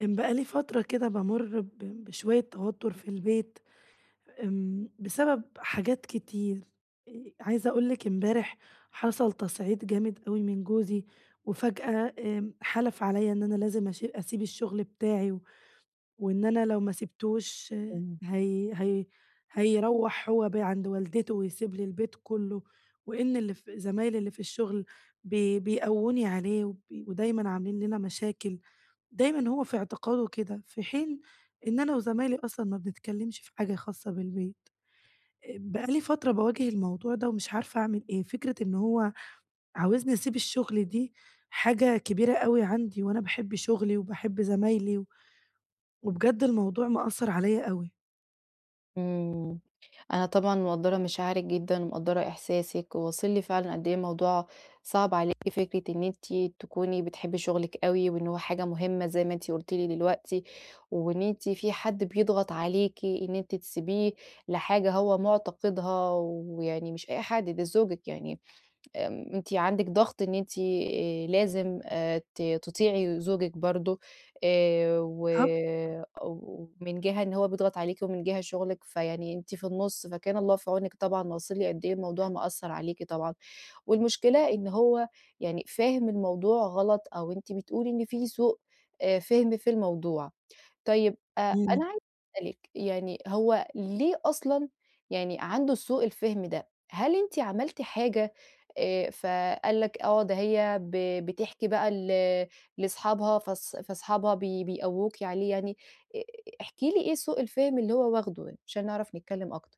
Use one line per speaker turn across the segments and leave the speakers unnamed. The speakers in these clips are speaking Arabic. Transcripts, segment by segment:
كان بقى لي فترة كده بامرّ ب بشوية توتر في البيت، إمم بسبب حاجات كتير، آآ عايزة أقول لِك إمبارح حصل تصعيد جامد أوي من جوزي، وفجأة آمم حلف عليَّا إن أنا لازم أشي أسيب الشغل بتاعي، وإن أنا لو ما سِبتوش
تمام.
هي هي هيروَّح هو بقى عند والدته ويسيب لي البيت كله، وإن اللي ف زمايلي اللي في الشغل ب بيقووني عليه، وب ودايمًا عاملين لنا مشاكل، دايمًا هو في اعتقاده كده في حين إن أنا وزمايلي أصلًا ما بنتكلمش في حاجة خاصة بالبيت، آآ بقى لي فترة باواجه الموضوع ده ومش عارفة أعمل إيه، فكرة إن هو عاوزني أسيب الشغل دي حاجة كبيرة أوي عندي، وأنا باحب شغلي وباحب زمايلي و وبجد الموضوع مأثر عليَّا أوي.
امم، أنا طبعًا مقدرة مشاعرِك جدًا ومقدرة إحساسِك، وواصل لي فعلًا قد إيه الموضوع صعب عليكِ فكرة إن أنتِ تكوني بتحبي شغلك أوي وإن هو حاجة مهمة زي ما أنتِ قلتِ لي دلوقتي، وإن أنتِ في حد بيضغط عليكِ إن أنتِ تسيبيه لحاجة هو معتقدها، ويعني مش أي حد ده زوجك يعني آآ أنتِ عندك ضغط إن أنتِ آآ لازم ت تطيعي زوجك برضه آآ، و
بالضبط.
ومن جهة إن هو بيضغط عليكِ ومن جهة شغلِك فيعني أنتِ في النُص فكان الله في عونِك طبعًا، أنا واصل لي قد إيه الموضوع مأثر عليكِ طبعًا، والمشكلة إن هو يعني فاهم الموضوع غلط أو أنتِ بتقولي إن في سوء آآ فِهم في الموضوع، طيب أ أنا
امم.
عايزة أسأل لِك يعني هو ليه أصلًا يعني عنده سوء الفهم ده، هل أنتِ عملتِ حاجة آآ فقال لكِ آه ده هي ب بتحكي بقى ل لصحابها فاص فاصحابها بي بيقووكِ عليه يعني، أ احكِ لي إيه سوء الفهم اللي هو واخده يعني عشان نعرف نتكلم أكتر؟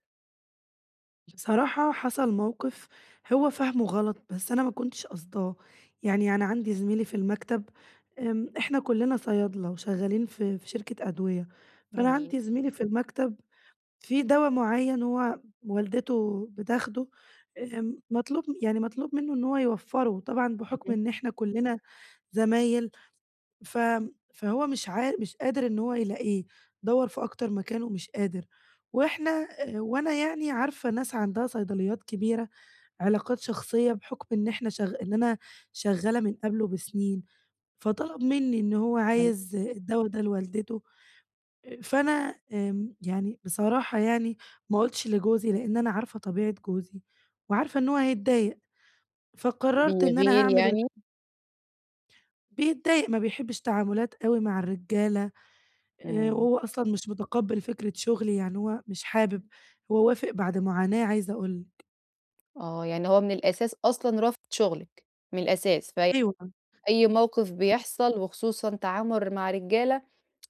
بصراحة حصل موقف هو فاهمه غلط، بس أنا ما كنتش قاصداه. يعني أنا عندي زميلي في المكتب، امم، إحنا كلنا صيادلة وشغالين في في شركة أدوية، فأنا
جميل.
عندي زميلي في المكتب في دوا مُعيّن هو والدته بتاخده، آمم، مطلوب يعني مطلوب منه إن هو يوفّره طبعًا بحكم
اهم.
إن إحنا كلنا زمايل ف فهو مش عا مش قادر إن هو يلاقيه، دوَّر في أكتر مكان ومش قادر، وإحنا آآ وأنا يعني عارفة ناس عندها صيدليات كبيرة، علاقات شخصية بحكم إن إحنا شغ إن أنا شغالة من قبله بسنين. فطلب منّي إن هو
أيوه.
عايز الدوا ده لوالدته، فأنا آمم، يعني بصراحة يعني ما قُلتش لجوزي لأن أنا عارفة طبيعة جوزي، وعارفة إن هو هيتضايق، فقررت إن أنا
بيغير
هاعمل ال
يعني؟
بيتضايق، ما بيحبش تعاملات أوي مع الرجالة، آآ،
إمم.
هو أصلًا مش مُتقبل فكرة شغلي، يعني هو مش حابب، هو وافق بعد معاناة عايزة أقول لِك.
آه. يعني هو من الأساس أصلًا، رافض شُغلِك من الأساس. فأي
أيوه فاهمة.
أي موقف
[unintelligible]
بيحصل، وخصوصًا تعامل مع رجّالة،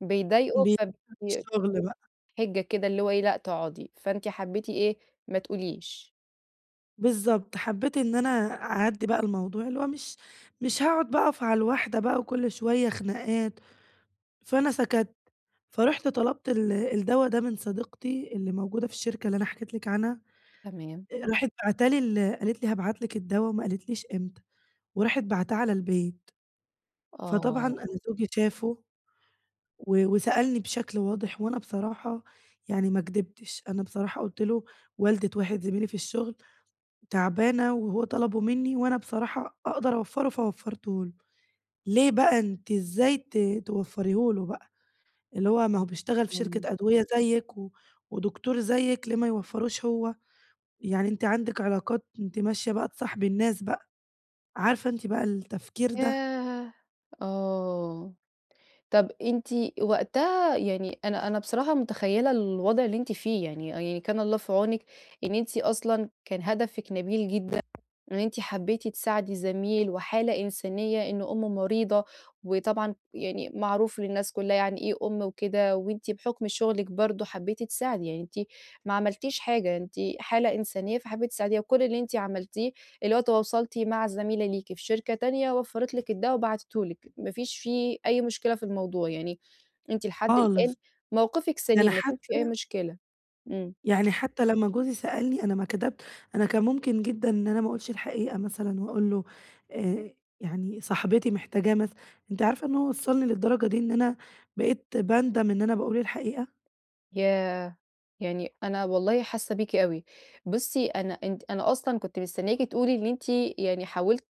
بيضايقه،
بي
فبي
الشغل
[unintelligible]
بقي.
حِجّة كده اللي هو إيه، لأ تقعدي. فأنتِ حبّيتِ إيه، ما تقوليش.
بالضبط، حبّيت إن أنا أعدّي بقى الموضوع، اللي هو مش مش هاقعد بقي أقف على الواحدة بقى، وكل شوية خناقات، فانا سَكَتْ. فرُحت طَلَبت ال الدّوا ده من صديقتي اللي موجودة في الشركة اللي أنا حكيت لِك عنها.
تمام.
آآ راحت باعته لي ال قالت لي هابعت لِك الدّوا، وما قالتليش إمتى. وراحت باعتاه على البيت. فطبعًا
آه.
أنا زوجي شافه، و وسألني بشكل واضح، وأنا بصراحة يعني ما كدبتش. أنا بصراحة قُلت له: "والدة واحد زميلي في الشغل تعبانة، وهو طلبه منّي، وأنا بصراحة أقدر أوفّر، ه فوفّرته له." ليه بقى أنتِ إزاي ت توفّريه له بقى. اللي هو، ما هو بيشتغل في
إمم.
شركة أدوية زيِّك، و ودكتور زيِّك، ليه ما يوفّرهوش هو؟ يعني أنتِ عندِك علاقات، أنتِ ماشية بقى تصاحبي الناس بقى. عارفة أنتِ بقى التفكير ده؟
ياه! آه. طب أنتِ وقتها يعني أنا أنا بصراحة مُتخيّلة الوضع اللي أنتِ فيه. يعني آه يعني كان الله في عونِك إن أنتِ أصلًا كان هَدفِك نبيل جدًا. إن أنتِ حبّيتِ تساعدي زميل، وحالة إنسانية، إن أمُّه مريضة، وطبعًا يعني معروف للناس كلّها يعني إيه أم وكده. وأنتِ بحُكم شُغلِك برضه حبّيتِ تساعدي. يعني أنتِ ما عملتيش حاجة، أنتِ حالة إنسانية فحبّيتِ تساعديها. وكل اللي أنتِ عملتيه اللي هو تواصلتِ مع زميلة ليكِ في شركة تانية، وفَّرت لِك الدّوا، وبعتته لِك، ما فيش فيه أي مشكلة في الموضوع. يعني أنتِ لحد الآن،
خالص.
مَوقِفِك
ده أنا
سَليم، ما ي [unintelligible] في أي
حتّى
مشكلة. إمم.
يعني حتّى لمّا جوزي سألني، أنا ما كدبت أنا كان ممكن جدًا إن أنا ما أقولش الحقيقة مثلًا، وأقول له آآ يعني صاحبتي محتاجاه مثلًا. أنتِ عارفة إن هو وصَّلني للدرجة دي، إن أنا بقيت باندَم إن أنا باقول الحقيقة.
ياه! يعني أنا والله حاسّة بيكِ أوي. بُصّي، أنا أنتِ أنا أصلًا كنت مستنّياكِ تقولي إن أنتِ يعني حاولتِ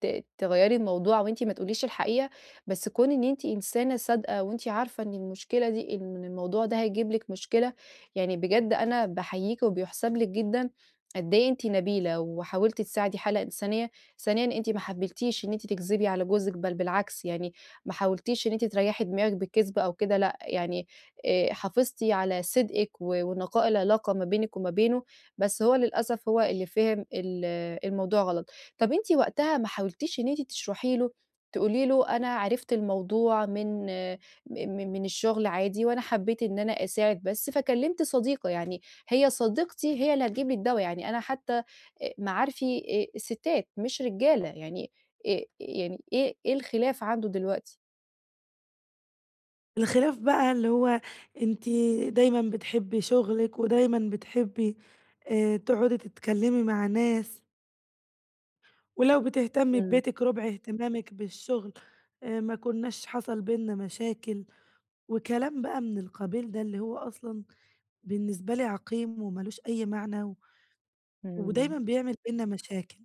ت تغيّري الموضوع، وأنتِ ما تقوليش الحقيقة. بس كون إن أنتِ إنسانة صادقة، وأنتِ عارفة إن المشكلة دي إن من الموضوع ده هيجيب لِك مشكلة، يعني بجد أنا باحييكِ، وبيُحسَب لِك جدًا قد إيه أنتِ نبيلة، وحاولتِ تساعدي حالة إنسانية. ثانيًا، أنتِ ما حبّيتيش إن أنتِ تكذبي على جوزِك، بل بالعكس. يعني ما حاولتيش إن أنتِ تريّحي دماغِك بكذب أو كده لأ. يعني آآ حافظتِ على صدقِك، و ونقاء العلاقة ما بينِك وما بينُه. بس هو للأسف، هو اللي فهم ال الموضوع غلط. طب أنتِ وقتها ما حاولتيش إن أنتِ تشرَحي له، تقولي له أنا عرفت الموضوع من م من الشغل عادي، وأنا حبّيت إن أنا أساعد بس، فكلّمت صديقة يعني. هي صديقتي هي اللي هتجيب لي الدّوا. يعني أنا حتّى أ معارفي آآ السِّتات، مش رجالة. يعني آآ، يعني إيه إيه الخلاف عنده دلوقتي؟
الخلاف بقى اللي هو، أنتِ دايمًا بتحبي شغلِك ودايمًا بتحبي، آآ، تقعدي تتكلّمي مع ناس. ولو بتهتمي
آمم.
ببيتِك ربع اهتمامِك بالشغل، آآ ما كناش حصل بيننا مشاكل، وكلام بقى من القبيل ده، اللي هو أصلًا بالنسبة لي عقيم ومالوش أي معنى، و ودايمًا
آمم.
بيعمل بيننا مشاكل.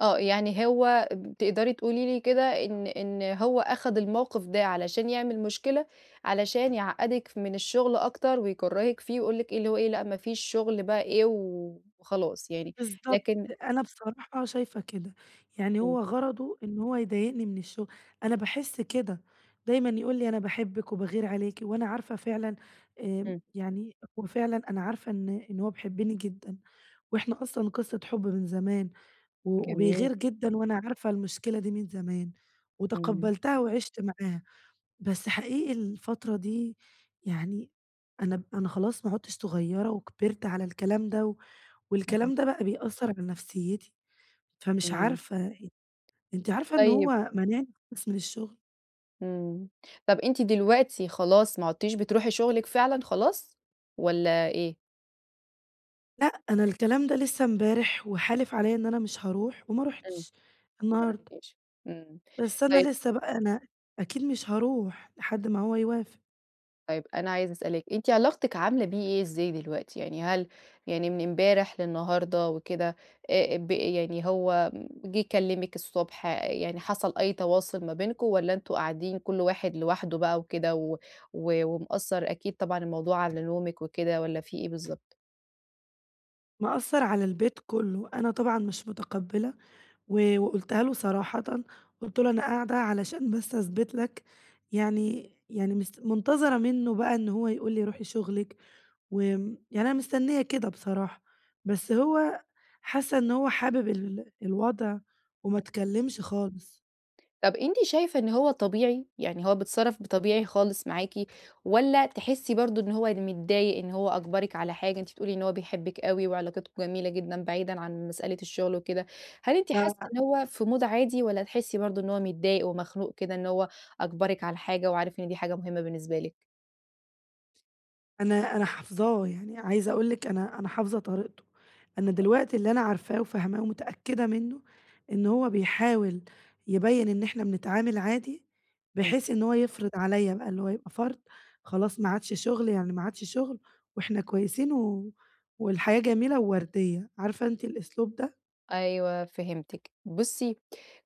آه يعني هو ت تقدري تقولي لي كده إن إن هو اخد الموقف ده علشان يعمل مشكلة، علشان يعقدِك من الشغل أكتر ويكرهِك فيه ويقول لك إيه اللي هو إيه لأ مفيش شغل بقى إيه و وخلاص يعني
بالضبط،
لكن
أنا بصراحة شايفة كده، يعني
امم.
هو غرضه إن هو يضايقني من الشغل، أنا باحس كده، دايمًا يقول لي أنا باحبِك وباغير عليكِ، وأنا عارفة فعلًا آآ،
امم.
يعني هو فعلًا أنا عارفة إن إن هو بيحبني جدًا، وإحنا أصلًا قصة حب من زمان، و
جميل.
وبيغير جدًا وأنا عارفة المشكلة دي من زمان،
آمم.
وتقبّلتها وعِشت معاها، بس حقيقي الفترة دي يعني، أنا ب أنا خلاص ما عدتش صغيرة وكبرت على الكلام ده، و
أكيد.
والكلام ده بقى بيأثر على نفسيتي، فمش
آمم.
عارفة أنتِ عارفة إن
طيب
هو مانعني خالص من الشغل!
آمم، طب أنتِ دلوقتي خلاص ما عدتيش بتروحي شغلِك فعلًا خلاص، والَّا إيه؟
لأ أنا الكلام ده لسه امبارح، وحالف عليّا إن أنا مش هاروح؛ وما
امم،
رُحتش النهارده.
[unintelligible] إمم،
بس
طيّب
أنا لسه بقى، أنا أكيد مش هاروح لحد ما هو يوافق.
طيّب، أنا عايزة أسألِك أنتِ علاقتِك عاملة بيه إيه إزاي دلوقتي يعني؟ هل يعني من امبارح للنهارده وكده، آآ ب يعني هو جيه كلمِك الصبح، يعني حصل أي تواصل ما بينكم، والّا أنتم قاعدين كل واحد لوحده بقى وكده، و و ومأثر أكيد طبعًا الموضوع على نومِك وكده، والّا في إيه بالضبط؟
مأثرعلى البيت كله، أنا طبعًا مش متقبلة، و وقُلتها له صراحةً، قُلت له أنا قاعدة علشان بس أثبت لَك، يعني يعني مس منتظرة منه بقى إن هو يقول لي روحي شغلِك، وآمم، يعني أنا مستنية كده بصراحة، بس هو حاسة إنه هو حابب ال الوضع وما
[unintelligible]
تكلمش خالص.
طَب أنتِ شايفة إن هو طبيعي؟ يعني هو بيتصرف بطبيعي خالص معاكِ، والّا تحسي برضه إن هو متضايق إن هو أجبرِك على حاجة، أنتِ بتقول لي إن هو بيحبِك أوي وعلاقاتكم جميلة جدًا بعيدًا عن مسألة الشغل وكده، هل أنتِ حاسة إن
ف
هو في مود عادي، والّا تحسي برضه إن هو متضايق ومخنوق كده إن هو أجبرِك على حاجة وعارف إن دي حاجة مهمة بالنسبة لِك؟
أنا أنا حافظاه. يعني عايزة أقول لِك، أنا أنا حافظة طريقته. أنا دلوقتي اللي أنا عارفاه وفاهماه ومتأكدة منّه، إن هو بيحاول يبيّن إن احنا بنتعامل عادي،
إمم.
بحيث إن هو يفرض عليّا بقى اللي هو يبقى فرض، خلاص ما عادش شغل يعني ما عادش شغل، إاحنا كويسين، و والحياة جميلة ووردية. عارفة أنتِ الأسلوب ده؟
أيوه فهمتِك. بُصّي،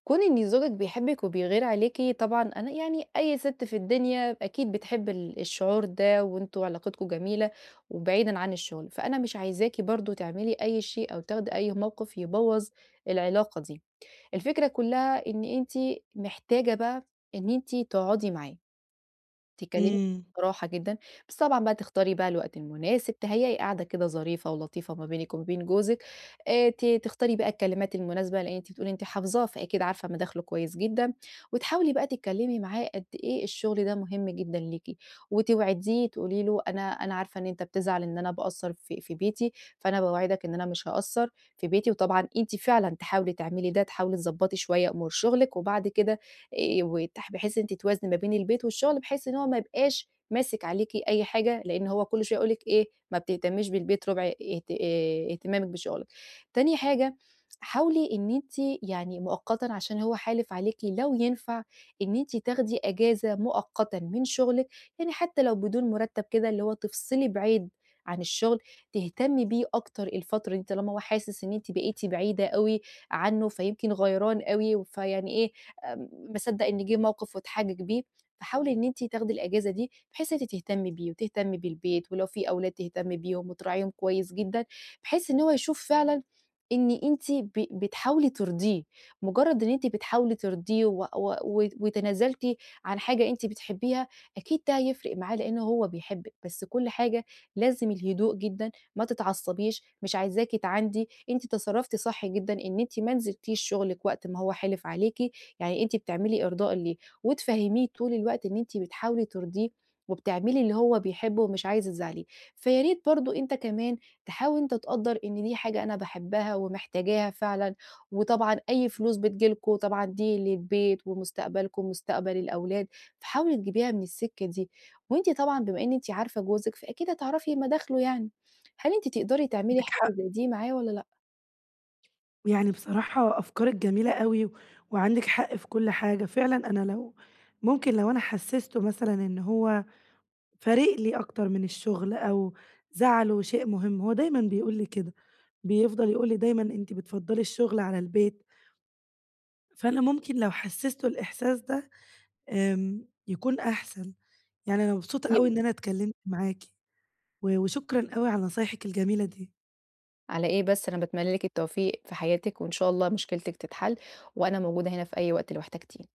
كون إن زوجِك بيحبِك وبيغير عليكِ، طبعًا أنا يعني أي سِتْ في الدنيا، أكيد بتحب ال الشعور ده، وأنتم علاقتكم جميلة، وبعيدًا عن الشغل. فأنا مش عايزاكِ برضه تعملي أي شيء، أو تاخدي أي موقف، يبوّظ العلاقة دي. الفكرة كلها إن أنتِ محتاجة بقى إن أنتِ تقعدي معاه. تتكلمي
إمم.
بصراحة جدًا، بس طبعًا بقى تختاري بقى الوقت المناسب، تهيّئي قاعدة كده ظريفة ولطيفة ما بينِك وما بين جوزِك. آآ ت تختاري بقى الكلمات المناسبة، لإن أنتِ بتقولي أنتِ حافظاه، فأكيد عارفة مداخله كويس جدًا. وتحاولي بقى تتكلّمي معاه قد إيه الشغل ده مهم جدًا ليكِ. وتوعديه تقولي له أنا أنا عارفة إن أنت بتزعل إن أنا باقصّر في في بيتي، فأنا باوعدك إن أنا مش هاقصّر في بيتي، وطبعًا أنتِ فعلًا تحاولي تعملي ده، تحاولي تضبّطي شوية أمور شُغلِك، وبعد كده آآ وتح بحيث إن أنتِ توازني ما بين البيت، والشغل، بحيث إن هو ما يبقاش ماسك عليكِ أي حاجة، لإن هو كل شوية هيقول لِك إيه، ما بتهتميش بالبيت ربع اهت آآ اهتمامِك بشُغلِك. تاني حاجة، حاولي إن أنتِ يعني مؤقتًا عشان هو حالف عليكِ لو ينفع إن أنتِ تاخدي أجازة مؤقتًا من شُغلِك، يعني حتّى لو بدون مُرتّب كده، اللي هو تفصلي بعيد عن الشغل، تهتمي بيه أكتر الفترة دي طالما هو حاسس إن أنتِ بقيتِ بعيدة أوي عنّه، فيمكن غيران أوي، و فيعني إيه، ام مَا صدّق إن جِه موقف، واتحجج بيه. فحاولي إن أنتِ تاخدي الأجازة دي، بحيث إن أنتِ تهتمي بيه، وتهتمي بالبيت، ولو في أولاد تهتمي بيهم، وتراعيهم كويس جدًا، بحيث إن هو يشوف فعلًا إن أنتِ ب بتحاولي ترضيه. مُجرّد إن أنتِ بتحاولي ترضيه و و و وتنازلتِ عن حاجة أنتِ بتحبيها، أكيد ده هيفرق معاه، لإن هو بيحبِك. بس كل حاجة لازم الهدوء جدًا، ما تتعصّبيش، مش عايزاكِ تعاندي. أنتِ تصرّفتِ صح جدًا، إن أنتِ ما نزلتيش شُغلِك وقت ما هو حلف عليكِ، يعني أنتِ بتعملي إرضاء ليه. وتفهّميه طول الوقت إن أنتِ بتحاولي ترضيه، وبتعملي اللي هو بيحبه، ومش عايزة تزعّليه. فيا ريت برضه أنت كمان تحاول أنت تقدّر إن دي حاجة أنا باحبها، ومحتاجاها فعلًا. وطبعًا أي فلوس بتيجي لكم، طبعًا دي للبيت، ومستقبلكم، ومستقبل الأولاد، فحاولي تجيبيها من السكة دي. وأنتِ طبعًا بما إن أنتِ عارفة جوزِك، فأكيد هتعرفي مداخله يعني. هل أنتِ تقدري تعملي
عندِك
حاجة
حق.
زي دي معاه، والّا لأ؟
يعني بصراحة أفكارِك جميلة أوي، وعندِك حق في كل حاجة. فعلًا أنا لو ممكن لو أنا حسسته مثلًا إن هو فارق لي أكتر من الشغل، أو زعله شيء مهم، هو دايمًا بيقول لي كده. بيفضل يقول لي دايمًا: "أنتِ بتفضّلي الشغل على البيت." فأنا ممكن لو حسسته الإحساس ده، آمم يكون أحسن. يعني أنا مبسوطة أوي إن
[unintelligible]
أنا اتكلمت معاكِ، و وشكرًا أوي على نصايحِك الجميلة دي.
على إيه بس؟ أنا باتمنى لِك التوفيق في حياتِك، وإن شاء الله مشكلتِك تتحل، وأنا موجودة هنا في أي وقت لو احتجتيني.